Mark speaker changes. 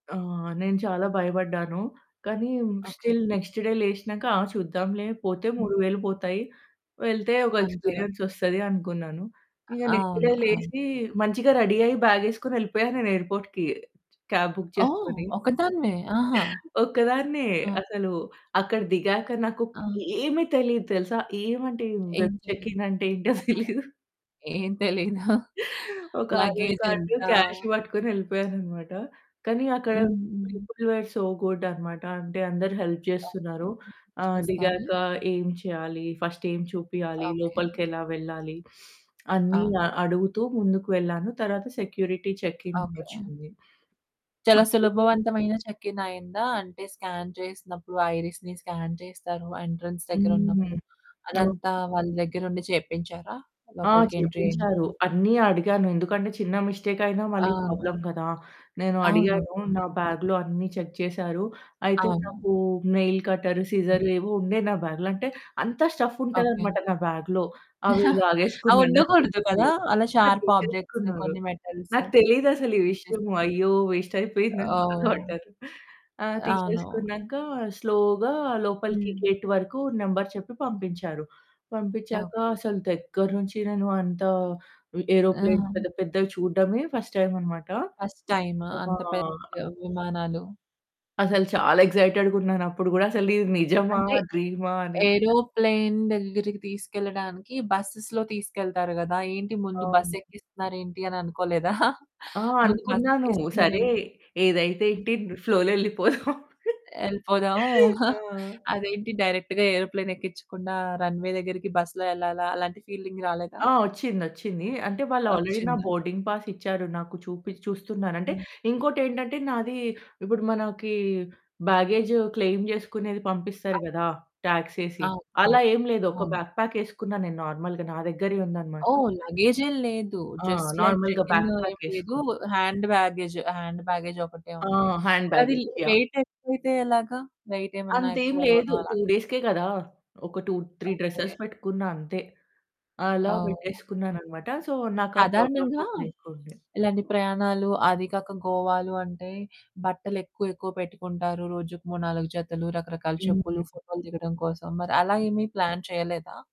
Speaker 1: ఆ! నేను చాలా భయపడ్డాను. కానీ మ్
Speaker 2: ఓకే.
Speaker 1: స్టిల్ నెక్స్ట్ డే లేషినక ఆ! చూద్దాంలే పోతే
Speaker 2: హ్మ్.
Speaker 1: 3000 పోతాయి, వెళ్తే ఒక
Speaker 2: అంతేగా?
Speaker 1: ఎక్స్‌పీరియన్సొస్తది అనుకున్నాను. ఇగా నెక్స్ట్ డే
Speaker 2: అవును. అవును.
Speaker 1: లేసి మంచిగా రెడీ అయ్యి బ్యాగేసుకొని ఏళ్ళిపోయా నేను ఎయిర్‌పోర్ట్‌కి. క్యాబ్ బుక్
Speaker 2: ఓహ్!
Speaker 1: చేసుకొని,
Speaker 2: ఒక్కదానివే? ఆహా!
Speaker 1: హ్మ్, ఒక్కదాన్నే
Speaker 2: ఆ!
Speaker 1: అసలు అక్కడ దిగాక నాకు
Speaker 2: ఆ!
Speaker 1: ఏమి తెలీదు తెలుసా? ఏమంటే ఏం వెబ్
Speaker 2: ఏంటది? ఎలా?
Speaker 1: చెకింగ్ అంటే ఏంటో తెలిదు.
Speaker 2: ఏం తెలీదా?
Speaker 1: ఒక ఆధార్ కార్డు
Speaker 2: లగేజేంత?
Speaker 1: క్యాష్ పట్టుకొని యెళ్ళిపోయాననమాట. కానీ అక్కడ
Speaker 2: హ్మ్. హ్మ్.
Speaker 1: పీపుల్ వర్ సో గుడ్ అనమాట. అంటే అందరు హెల్ప్
Speaker 2: ఓకే.
Speaker 1: జేస్తున్నారు. ఆహ్, దిగాక
Speaker 2: చేస్తారా?
Speaker 1: ఏమి చేయాలి ఫస్ట్ ఏమి చూపియాలి,
Speaker 2: ఓకే.
Speaker 1: లోపలికి ఎలా వెళ్ళాలి, అన్ని
Speaker 2: అవును.
Speaker 1: ఆ! అడుగుతూ ముందుకు వెళ్ళాను, తరువాత సెక్యూరిటీ చెకింగ్
Speaker 2: ఓకే.
Speaker 1: వచ్చింది.
Speaker 2: చాలా
Speaker 1: అపుడు గూడా
Speaker 2: సులభవంతమైన చెకిన్ అయిందా? అంటే స్కాన్ చేసినప్పుడు, ఐరిస్‌ని స్కాన్ చేస్తారు, ఎంట్రన్స్
Speaker 1: హ్మ్.
Speaker 2: దగ్గరున్నప్పుడు, అదంతా
Speaker 1: ఓకే.
Speaker 2: వాళ్ళ దగ్గరుండి చేయిపించారా?
Speaker 1: ఆ!
Speaker 2: లోపలికి ఎంట్రీ
Speaker 1: చెయిపించారు.
Speaker 2: అయింది.
Speaker 1: అన్ని అడిగాను ఎందుకంటే చిన్న మిస్టేకయినా మళ్ళీ
Speaker 2: అవును.
Speaker 1: ప్రాబ్లమ్ కదా! నేను
Speaker 2: అవును.
Speaker 1: అడిగాను నా
Speaker 2: [unintelligible]
Speaker 1: బ్యాగ్‌లో అన్ని చెక్ చేసారు. అయితే
Speaker 2: అవును.
Speaker 1: నాకు నైల్ కట్టర్, సిజర్ ఏవో ఉండే నా బ్యాగ్‌లో, అంటే అంత
Speaker 2: ఓకే.
Speaker 1: స్టఫ్ఫుంటాదనమాట నా బ్యాగ్‌లో. అవి లాగేసుకున్నారు. నాకు
Speaker 2: అవుండకూడదు
Speaker 1: తెలీదు.
Speaker 2: కదా! అలా
Speaker 1: ఆ!
Speaker 2: షార్ప్ ఆబ్జెక్ట్స్
Speaker 1: తీసేసుకున్నారు.
Speaker 2: కొన్ని మెటల్స్
Speaker 1: నాకు తెలీదసలీవిషయము.
Speaker 2: తీసేస్తే
Speaker 1: అయ్యో! వేస్ట్ అయిపోయిందని
Speaker 2: ఓహ్!
Speaker 1: బాధపడ్డాను. ఆ!
Speaker 2: అవును.
Speaker 1: తీసేసుకున్నాక స్లో‌గా లోపలికి
Speaker 2: హ్మ్.
Speaker 1: గేట్ వరకు నంబర్ చెప్పి పంపించారు. పంపిచ్చాక
Speaker 2: ఓకే.
Speaker 1: అసలు దగ్గర నుంచి నేను అంత వి ఏరోప్లేన్స్
Speaker 2: ఆ!
Speaker 1: పెద్ద పెద్దవి చూడడమే ఫస్ట్ టైమనమాట.
Speaker 2: ఫస్ట్ టైమా?
Speaker 1: విమా
Speaker 2: అంత పెద్ద విమానాలు.
Speaker 1: అసలు చాలా ఎక్సైటెడ్‌గున్నానుప్పుడు గూడా అసలు ఇది నిజమా
Speaker 2: అంటే
Speaker 1: డ్రీమా అని.
Speaker 2: ఏరోప్లేన్ దగ్గరికి తీసుకెళ్లడానికి బసెస్‌లో తీసుకెళ్తారు గాదా! ఏంటి ముందు
Speaker 1: అవును.
Speaker 2: బస్సెక్కిస్తున్నారేంటి అని అనుకోలేదా?
Speaker 1: ఆ!
Speaker 2: ముందు
Speaker 1: అనుకున్నాను. సరే
Speaker 2: బసేక్కిస్తున్నారేంటి?
Speaker 1: ఏదైతే ఏంటి
Speaker 2: అ!
Speaker 1: ను ఫ్లో‌లో యెళ్ళిపోదాం.
Speaker 2: యెళ్ళిపోదాం.
Speaker 1: ఆ!
Speaker 2: అదేంటి డైరెక్ట్‌గా ఏరోప్లేన్ ఎక్కిచ్చకుండా రన్‌వే దగ్గరికి బస్‌లో యెళ్ళాలా? అలాంటి ఫీలింగ్ రాలేదా?
Speaker 1: ఆ! వచ్చిందొచ్చింది. అంటే వాళ్ళు ఆల్రెడీ నా
Speaker 2: వచ్చిందా!
Speaker 1: బోర్డింగ్ పాస్ ఇచ్చారు. నాకు చూపి చూస్తున్నానంటే
Speaker 2: హ్మ్.
Speaker 1: ఇంకోటేంటంటే నాది ఇప్పుడు మనకి బ్యాగేజ్ క్లెయిం జేసుకునేది పంపిస్తారు
Speaker 2: అవ్
Speaker 1: గదా! టాక్సేసి,
Speaker 2: అవును. అవును.
Speaker 1: అలా ఏమి లేదు, ఒక
Speaker 2: అవును.
Speaker 1: బ్యాక్ ప్యాకేసుకున్న నేను నార్మల్‌గా నా దగ్గరే ఉందనమాట.
Speaker 2: ఓహ్! లగేజేం లేదు.
Speaker 1: ఆ!
Speaker 2: జస్ట్ లైక్
Speaker 1: నార్మల్‌గా
Speaker 2: చెకింగ్
Speaker 1: బ్యాక్ ప్యాక్
Speaker 2: ఏమి లేదు,
Speaker 1: ఏసుకున్నా.
Speaker 2: హ్యాండ్ బ్యాగేజ్ హ్యాండ్ బ్యాగేజ్ ఒకటే
Speaker 1: ఆ!
Speaker 2: ఉంది.
Speaker 1: హ్యాండ్
Speaker 2: అదేలే
Speaker 1: బ్యాగేజ్ యాహ్!
Speaker 2: వెయిట్ ఎక్కువైతే ఎలాగా? వెయిటేమన్నా
Speaker 1: అంతేమి లేదు.
Speaker 2: ఎక్కువవ్వడం అలాగా.
Speaker 1: 2 డేస్‌కే కదా! ఒక 2, 3
Speaker 2: ఓకే.
Speaker 1: డ్రెసెస్ పెట్టుకున్నా అంతే. అలా
Speaker 2: ఓహ్! యాహ్!
Speaker 1: పెట్టేసుకున్నానన్నమాట. సో నాకా ప్రాబ్లమ్
Speaker 2: సాధారణంగా
Speaker 1: కూడా లేకుండే.
Speaker 2: ఇలాంటి ప్రయాణాలు, అది కాక గోవాలు అంటే బట్టలెక్కువ ఎక్కువ పెట్టుకుంటారు, రోజుకి 3, 4 జతలు, రకరకాల
Speaker 1: హ్మ్.
Speaker 2: చెప్పులు, ఫోటో‌లు దిగడం కోసం. మరి అలా ఏమి ప్లాన్ చేయలేదా?